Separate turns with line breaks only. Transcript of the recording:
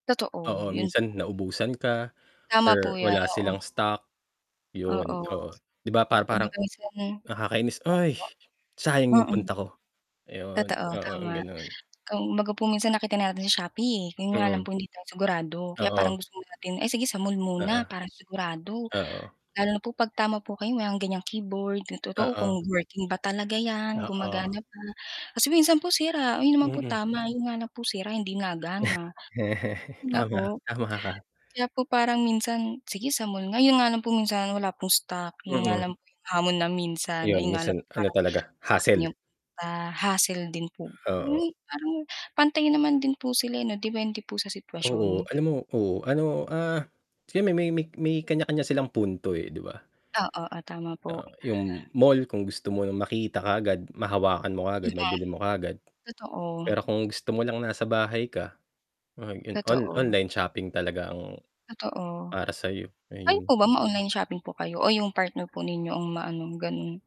Totoo,
Oo
yun
minsan
po.
naubusan ka
Tama
or
po yan,
wala silang
oo.
stock
Oo.
yun, oo 'di ba, pa parang
[unintelligible] Opo,
nakakainis ay, sayang yung
mm.
punta ko. Yun,
Totoo
oo
tama,
ganun.
kung baga po minsan nakita natin sa Shopee 'yon nga lang
Mm.
po hindi tayo sigurado kaya parang
Oo.
gusto muna natin ay sige sa mall muna
Oo.
para sigurado
Oo.
lalo na po 'pag tama po kayo may ganyang keyboard totoo
Oo.
kung working ba talaga 'yan
Oo.
gumagana pa. Kasi minsan po sira 'yon naman po
Mm.
tama 'yon nga lang po sira hindi nagana, 'di ba
Tama,
po.
tama ka.
Kaya po parang minsan, sige sa mall nga, yun nga lang po minsan wala pong stock, yun nga
Mm.
lang po yung hamon na minsan
Ayun,
ayun nga lang
minsan ano
parang
talaga
yung,
hassel.
ah hassle din po
Oo.
yung parang pantay naman din po sila ano dipende po sa
Oo,
sitwasyon.
alam mo oo, ano, ah, kasi may may may may kanya kanya silang punto, eh, 'di ba
Oo, ah tama po.
Ah, yung mall kung gusto mo ng makita kaagad, mahawakan mo kaagad,
Mm.
mabili mo kaagad.
Totoo.
Pero kung gusto mo lang nasa bahay ka yun on
Totoo.
online shopping talaga ang
Totoo.
para sayo.
Kayo
Ayun.
po ba ma online shopping po kayo o yung partner po ninyo ang maano ganun?